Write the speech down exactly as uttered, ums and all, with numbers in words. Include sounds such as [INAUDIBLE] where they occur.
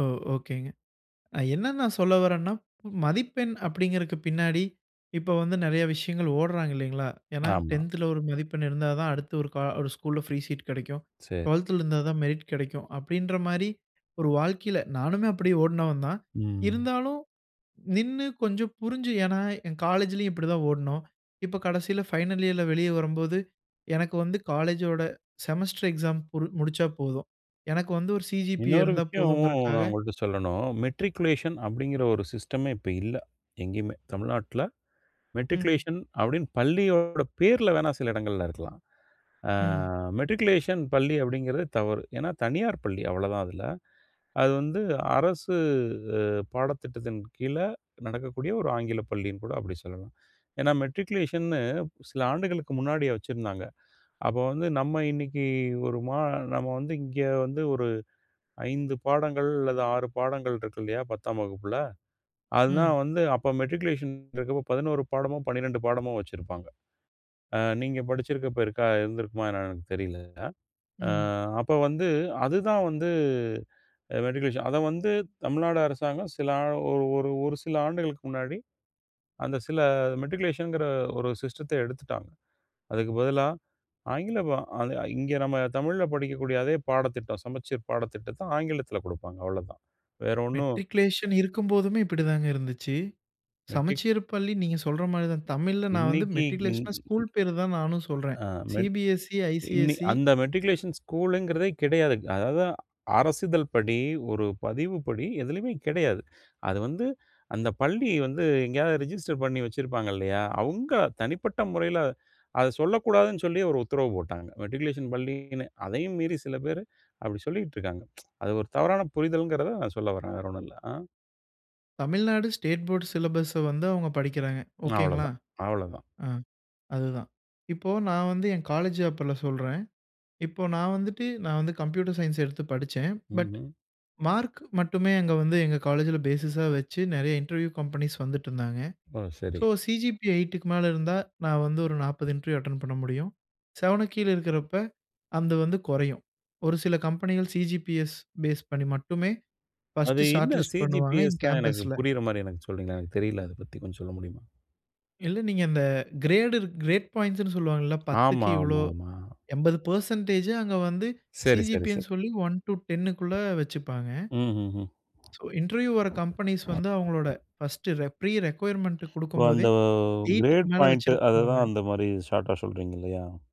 ஓ! ஒகேங்க. ஐ என்ன நான் சொல்ல வர்றேன்னா மதிப்பெண் அப்டிங்கறக்கு பின்னாடி இப்ப வந்து நிறைய விஷயங்கள் ஓடராங்க இல்லைங்களா, ஏன்னா ஆமா. டென்த்ல ஒரு மதிப்பெண் இருந்தா தான் அடுத்து ஒரு க ஒரு ஸ்கூல்ல ஃப்ரீ சீட் கிடைக்கும். சரி. டுவெல்த்ல இருந்தா தான் மெரிட் கிடைக்கும். அப்டின்ற மாரி ஒரு வாழ்க்கையில நானுமே அப்டி ஓடுனவன் தான். ம். இருந்தாலும், நின்னு கொஞ்சம் புரிஞ்சு ஏன்னா என் காலேஜ்லயும் இப்படி தான் ஓடுனோம். இப்ப கடைசீல ஃபைனல் இயர்ல வெளியே வரும்போது எனக்கு வந்து காலேஜோட செமஸ்டர் எக்ஸாம் புரு முடிச்சா போதும். எனக்கு வந்து ஒரு சி.ஜி.பி.ஏ இன்னொரு இருந்தா விஷயம் போதும்ங்கறக்காக. நான் உங்கள்ட்ட சொல்லணும். மெட்ரிகுலேஷன் அப்டிங்கிற ஒரு சிஸ்டமே இப்ப இல்ல, எங்கயுமே. தமிழ்நாட்ல ம். மெட்ரிகுலேஷன் அப்டின்னு பள்ளியோட பேருல வேணா சில இடங்கள்ல இருக்கலாம். ஆ ம். மெட்ரிகுலேஷன் பள்ளி அப்டிங்கிறது தவறு. ஏன்னா தனியார் பள்ளி அவ்ளோதான் அதுல. அது வந்து அரசு பாடத்திட்டத்தின் கீழ நடக்கக்கூடிய ஒரு ஆங்கில பள்ளின்னு கூட அப்டி சொல்லலாம். ஏன்னா மெட்ரிகுலேஷன்னு சில ஆண்டுகளுக்கு முன்னாடிய வச்சிருந்தாங்க. அப்போ வந்து நம்ம இன்னைக்கு ஒரு மா நம்ம வந்து இங்க வந்து ஒரு ஐந்து பாடங்கள் அல்லது ஆறு பாடங்கள் இருக்கில்லையா பத்தாம் வகுப்புல. அதுனா ம். வந்து அப்ப மேட்ரிகுலேஷன் இருக்கப்போ பதினோறு பாடமோ, பணிரெண்டு பாடமோ வச்சிருப்பாங்க. ஆ. நீங்க படிச்சிருக்கப்போ இருக்கா இருந்திருக்குமா என்னனு எனக்கு தெரில. ஆ ம். அப்போ வந்து அதுதான் வந்து மெட்ரிகுலேஷன் அத வந்து தமிழ்நாடு அரசாங்கம் சில ஆ ஒரு ஒரு ஒரு சில ஆண்டுகளுக்கு முன்னாடி அந்த சில மெட்ரிகுலேஷன்ங்கற ஒரு சிஸ்டத்த எடுத்துட்டாங்க. அதுக்கு பதிலா ஆங்கிலம் அது இங்கே நம்ம தமிழ்ல படிக்கக்கூடிய அதே பாடத்திட்டம். சமச்சீர் பாடத்திட்டத்த ஆங்கிலத்தில கொடுப்பாங்க. அவ்ளதான். வேற ஒண்ணும் மெட்ரிகுலேஷன் இருக்கும்போதுமே இப்படிதாங்க இருந்துச்சு. மெட்ரிக் சமச்சீர் பள்ளி நீங்க சொல்ற மாரி தான் தமிழ்ல நான் வந்து இன்னைக்கு இன் மெட்ரிகுலேஷன்னா, ஸ்கூல் பேரு தான் நானும் சொல்றேன். ஆ மெட் சி.பி.எஸ்.இ, இன்னி ஐ.சி.எஸ்.இ அந்த மேட்ரிகுலேஷன் ஸ்கூல்ங்கறதே கிடையாது. அதாது அரசிதழ் படி, ஒரு பதிவுப்படி எதுலயுமே கிடையாது. அது வந்து அந்த பள்ளி வந்து எங்கேயாவது ரிஜிஸ்டர் பண்ணி வச்சிருப்பாங்க இல்லையா, அவுங்க தனிப்பட்ட முறையில அத சொல்லக்கூடாதுனு சொல்லி ஒரு உத்தரவு போட்டாங்க. மெட்ரிகுலேஷன் பள்ளினு அதையும் மீறி சில பேர் அப்டி சொல்லிக்கிட்டு இருக்காங்க. [TSK] அது ஒரு தவறான புரிதல்ங்கறத நான் சொல்ல வர்றேன் வேற ஒண்ணும் இல்ல. ஆ. தமிழ்நாடு ஸ்டேட் போர்ட் சிலபஸ்ச வந்து அவங்க படிக்கிறாங்க. ஒகேங்களா? அவ்ளோதான் அவ்ளோதான். ஆ, அதுதான். இப்ப நான் வந்து என் காலேஜ் அப்பில்ல சொல்றேன். இப்ப நான் வந்துட்டு நான் வந்து கம்ப்யூட்டர் சயன்ஸ் எடுத்து படிச்சேன். பட் ம்ஹ்ம். மார்க் மட்டுமே அங்க வந்து எங்க காலேஜில பேஸிஸா வச்சு நிறைய இன்டர்வியூ கம்பெனிஸ் வந்துட்டிருந்தாங்க. ஓ! சரி. ஸோ சி.ஜி.பி.எ எய்ட்டுக்கு மேல இருந்தா நான் வந்து ஒரு நாப்பது இன்டர்வியூ அட்டெண்ட் பண்ண முடியும். செவனுக்கு கீழே இருக்கிறப்போ அது வந்து குறையும் ஒரு சில கம்பெனிகள் சி.ஜி.பி.எஸ் பேஸ் பண்ணி மட்டுமே அது ஃபர்ஸ்ட்டு என்ன ஷார்ட்லிஸ்ட் பண்ணுவாங்க. இன் சி.ஜி.பி.எஸ்னா எனக்கு கேம்பஸ்ல. புரியறமாரி எனக்கு சொல்றீங்களா. எனக்கு தெரில அத பத்தி கொஞ்சம் சொல்ல முடியுமா? இல்ல நீங்க அந்த கிரேடு கிரேட் பாயிண்ட்ஸ்னு சொல்வாங்கல்ல. பத்துக்கு ஆமா, இவ்வளோ ஆமா, ஆமா. எம்பது பெர்சன்ட்டேஜ்ஜூ அங்க வந்து சரி, சரி, சி.ஜி.பி. எ னு சரி. சொல்லி ஒன் டூ டெங்க்குள்ள வெச்சுப்பாங்க. ம்ஹ்ஹ்ம். சோ இன்டர்வியூ வர்ற கம்பெனிஸ் வந்து அவங்களோட பர்ஸ்ட்டு ரெக் ப்ரீ ரிக்வைர்மென்ட் இப்ப கொடுக்கும் போதே அந்த எய்ட்க்கு கிரேட் மேல பாயிண்ட்டு. அத தான் வெச்சிருக்கிறவங்க. அந்த மாரி ஷார்ட்டா சொல்றீங்க இல்லையா?